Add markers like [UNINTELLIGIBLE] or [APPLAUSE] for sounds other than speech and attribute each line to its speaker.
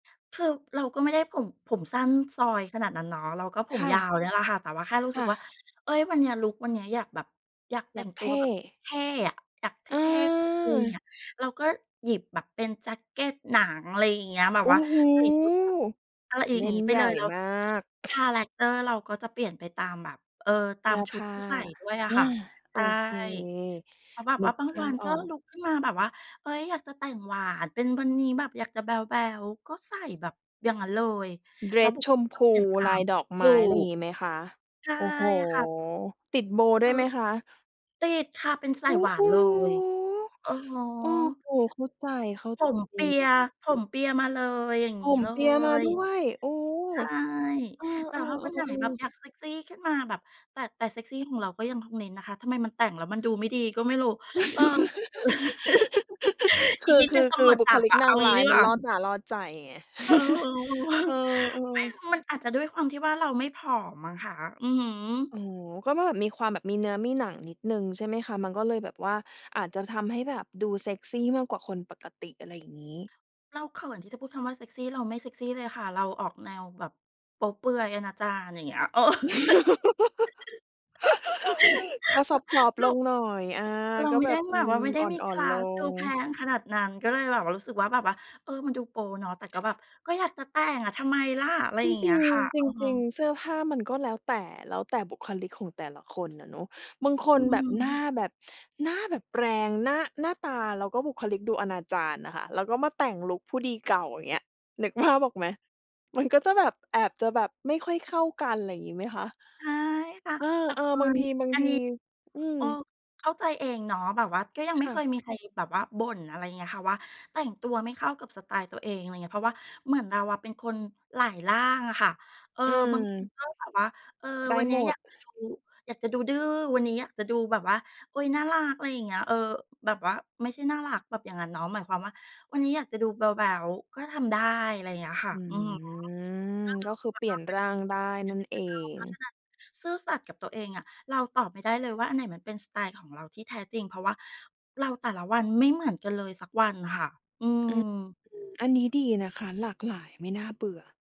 Speaker 1: คือเราก็ไม่ได้ผม ผมสั้น ซอยขนาดนั้นเนาะ เราก็ผ
Speaker 2: ค
Speaker 1: ม
Speaker 2: ่ะ
Speaker 1: ยาวเนี่ยแหละค่ะ แต่ว่าแค่รู้
Speaker 2: ค
Speaker 1: สึ
Speaker 2: ่
Speaker 1: กว่า
Speaker 2: ะ
Speaker 1: เฮ่ย วันนี้ ลุกวันเนี้ยอยากแบบ อยากแต
Speaker 2: อ
Speaker 1: ่
Speaker 2: ยา
Speaker 1: ง
Speaker 2: ก
Speaker 1: ต
Speaker 2: เ
Speaker 1: ั
Speaker 2: ท
Speaker 1: วแ
Speaker 2: ่
Speaker 1: บบเท่ ๆ อะ อยากเ
Speaker 2: เ
Speaker 1: ท่ ๆ กุย
Speaker 2: ออ
Speaker 1: ๆ อะ เราก็หยิบแบบเป็นแจ็กเกตหนัง อะไรอย่างเงี้ย แบบ
Speaker 2: โอ
Speaker 1: ว่
Speaker 2: ้
Speaker 1: า
Speaker 2: โฮ
Speaker 1: ใส่ชุดแบบ อะไรอีก
Speaker 2: เล
Speaker 1: อย่าง
Speaker 2: ่
Speaker 1: น
Speaker 2: น
Speaker 1: ี้ไป
Speaker 2: ให
Speaker 1: เ
Speaker 2: ญ
Speaker 1: ล
Speaker 2: ่
Speaker 1: ย แล้ว
Speaker 2: มาก
Speaker 1: คาแรกเตอร์เราก็จะเปลี่ยนไปตามแบบ เออ ต
Speaker 2: เ
Speaker 1: า
Speaker 2: สื้
Speaker 1: ม
Speaker 2: อ
Speaker 1: ช
Speaker 2: ผ
Speaker 1: ุด
Speaker 2: ้า
Speaker 1: ที่ใส่ด้วยอะ
Speaker 2: อา
Speaker 1: ค่ะ ใ
Speaker 2: โ
Speaker 1: ช
Speaker 2: อ
Speaker 1: ่
Speaker 2: เค
Speaker 1: เพราะแบบ
Speaker 2: นึ
Speaker 1: ว่า
Speaker 2: ก
Speaker 1: บาง
Speaker 2: ภา
Speaker 1: วั
Speaker 2: พ
Speaker 1: น
Speaker 2: อ
Speaker 1: ก็
Speaker 2: อ
Speaker 1: ล
Speaker 2: ก
Speaker 1: ุกขึ้นมาแบบว่า เฮ่ย อยากจะแต่งหวาน เป็น วันนี้แบบอยากจะแบ๊ว ๆ ก็ใส่แบบอย่างนั้นเลย
Speaker 2: เดร
Speaker 1: แล้ว
Speaker 2: ส
Speaker 1: บุ
Speaker 2: ช
Speaker 1: คลิ
Speaker 2: ม
Speaker 1: ก
Speaker 2: พู
Speaker 1: เปลี่ยนตา
Speaker 2: ลา
Speaker 1: ม
Speaker 2: ยดอก
Speaker 1: ถ
Speaker 2: ไม
Speaker 1: ู
Speaker 2: ้อะไร
Speaker 1: ก
Speaker 2: งี้ไหมคะ?
Speaker 1: ใช่
Speaker 2: โอ้โฮ
Speaker 1: ค่ะ
Speaker 2: ติดโบว์
Speaker 1: แ
Speaker 2: ด
Speaker 1: ล
Speaker 2: ้
Speaker 1: ้
Speaker 2: วย
Speaker 1: ว
Speaker 2: ไหมคะ?
Speaker 1: ติดค่ะ เป็นส
Speaker 2: โ
Speaker 1: า
Speaker 2: อ้
Speaker 1: ยหวา
Speaker 2: โฮ
Speaker 1: นเลย อะฮะ
Speaker 2: โอ้โฮ เข้าใจ เข้า
Speaker 1: ผม
Speaker 2: ใจ
Speaker 1: เปี
Speaker 2: เล
Speaker 1: ย
Speaker 2: ย
Speaker 1: ผมเปียมาเลย อย่างง
Speaker 2: ผ
Speaker 1: ี้
Speaker 2: ม
Speaker 1: เล
Speaker 2: เปียมา
Speaker 1: ย
Speaker 2: ด้วย โอ้
Speaker 1: ใช่
Speaker 2: เออ
Speaker 1: แต่ถ้าวันไหนแบ
Speaker 2: ๆ
Speaker 1: บ
Speaker 2: ๆ ๆ
Speaker 1: อยากเซกซีขึ้นมา แบบ แต่ แต่เซกซีของเราก็ยังคงเน้นนะคะ ทำไมมันแต่งแล้วมันดูไม่ดีก็ไม่รู้ เออ ก็คือ [CHUCKLES]
Speaker 2: [LAUGHS] ค
Speaker 1: อีก
Speaker 2: ือ
Speaker 1: นิด
Speaker 2: ค
Speaker 1: หนึ
Speaker 2: ื
Speaker 1: ่ง
Speaker 2: อ
Speaker 1: ต
Speaker 2: ค
Speaker 1: ำ
Speaker 2: ื
Speaker 1: ร
Speaker 2: อ
Speaker 1: วจ
Speaker 2: บุ
Speaker 1: จั
Speaker 2: ค
Speaker 1: บ
Speaker 2: ลิ
Speaker 1: อ
Speaker 2: ก
Speaker 1: ะ
Speaker 2: น
Speaker 1: เอ
Speaker 2: า
Speaker 1: า
Speaker 2: ง
Speaker 1: ง
Speaker 2: ร
Speaker 1: ี้
Speaker 2: ้า
Speaker 1: ด
Speaker 2: ย
Speaker 1: ี
Speaker 2: ม
Speaker 1: ก
Speaker 2: ั
Speaker 1: ว
Speaker 2: น
Speaker 1: ่า
Speaker 2: ล่อตาล่อใจไง
Speaker 1: เออ ๆ ๆ
Speaker 2: [CHUCKLES] เออ
Speaker 1: [CHUCKLES] ไม่
Speaker 2: ๆ
Speaker 1: มันอาจจะด้วยความที่ว่าเราไม่ผอมมั้งค่ะ อื้อฮือ
Speaker 2: อ๋อ ก็แบบมีความแบบมีเนื้อมี หนังนิดหนึ่งใช่ไหมคะ มันก็เลยแบบว่าอาจจะทำให้แบบดูเซกซีมากกว่าคนปกติ อะไรอย่างงี้
Speaker 1: เราเขินที่จะพูดคำว่าเซกซี เราไม่เซกซีเลยค่ะ เราออกแนวแบบโป๊เปลือยอนาจาร อย่างเงี้ย
Speaker 2: [LAUGHS] ก็ซอฟต
Speaker 1: [LAUGHS]
Speaker 2: ์
Speaker 1: เร
Speaker 2: ๆ ล
Speaker 1: า
Speaker 2: งหน่อย อา
Speaker 1: เรา
Speaker 2: ก็
Speaker 1: ไม่
Speaker 2: แบ
Speaker 1: ได้
Speaker 2: บ อ
Speaker 1: แ
Speaker 2: ื
Speaker 1: บบว่
Speaker 2: ม
Speaker 1: าไม่ได้
Speaker 2: อ
Speaker 1: มี
Speaker 2: ่
Speaker 1: ค
Speaker 2: อ
Speaker 1: ล
Speaker 2: น
Speaker 1: า
Speaker 2: ๆ ล
Speaker 1: ส ดู
Speaker 2: ง
Speaker 1: แพงขนาดนั้น ก็เลยแบบว่า รู้สึกว่าแบบว่า เออ มันดูโป๊เนาะ แต่ก็แบบ "ก็อยากจะแต่งอะ ทำไมล่ะ?" อะไร
Speaker 2: จ
Speaker 1: อย่างเง
Speaker 2: ร
Speaker 1: ี
Speaker 2: ิ
Speaker 1: ้ย
Speaker 2: ง
Speaker 1: ค่ะ
Speaker 2: ๆ จ
Speaker 1: อือฮึ
Speaker 2: ริง ๆ เสื้อผ้ามันก็แล้วแต่ แล้วแต่บุคลิกของแต่ละ คนอะเนาะ บางค
Speaker 1: อื
Speaker 2: นแบบหน้า
Speaker 1: ม
Speaker 2: แบบ หน้าแบบแรง หน้า หน้าตาแล้วก็บุคลิกดูอนาจารอะค่ะ แล้วก็มาแต่งลุคผู้ดีเก่า อย่างเงี้ย นึกภาพออกไหม มันก็จะแบบ แอบจะแบบไม่ค่อยเข้ากัน อะไรอย่างงี้ไหมคะ?
Speaker 1: ใช่ค่ะ
Speaker 2: เอ
Speaker 1: แต่เผ
Speaker 2: อ
Speaker 1: อิ
Speaker 2: ๆ บาง
Speaker 1: ญ
Speaker 2: ที บาง
Speaker 1: อัน
Speaker 2: ที
Speaker 1: นี้
Speaker 2: อื
Speaker 1: เ
Speaker 2: อ
Speaker 1: ออ เข้าใจเองเนาะ แบบว่าก็ยังไ
Speaker 2: ค
Speaker 1: ม่
Speaker 2: ่
Speaker 1: เค
Speaker 2: ะ
Speaker 1: ยมีใครแบบว่าบ่น อะไรอย่างเงี้ยค่ะ ว่า "แต่งตัวไม่เข้ากับสไตล์ตัวเอง" อะไรอย่างเงี้ย เพราะว่าเหมือนเราอะเป็นคนหลายร่างอะค่ะ เออ
Speaker 2: อื
Speaker 1: บางที
Speaker 2: ม
Speaker 1: ก็แบบว่า เออ
Speaker 2: ได้
Speaker 1: วันเนี้
Speaker 2: หม
Speaker 1: ยอย
Speaker 2: ด
Speaker 1: ากจะดู อยากจะดูดื้อ วันนี้อยากจะดูแบบว่า โอ้ย น่ารัก อะไรอย่างเงี้ย เออ แบบว่าไม่ใช่น่ารักแบบอย่างงั้นเนาะ หมายความว่าวันนี้อยากจะดูแบ๊ว ๆ ก็ทำได้ อะไรอย่างเงี้ยค่ะ
Speaker 2: อื
Speaker 1: อือฮึ [UNINTELLIGIBLE] เป็นเ
Speaker 2: อ ก็คือเปลี่ยนร่างได้นั่นเอ
Speaker 1: รา
Speaker 2: ง
Speaker 1: เพราะฉะนั้นซื่อสัตย์กับตัวเองอะ เราตอบไม่ได้เลยว่าอันไหนมันเป็นสไตล์ของเราที่แท้จริง เพราะว่าเราแต่ละวันไม่เหมือนกันเลยสักวันค่ะ อื
Speaker 2: อือ
Speaker 1: อ
Speaker 2: อันนี้ดีนะคะ หลากหลาย ไม่น่าเบื่อ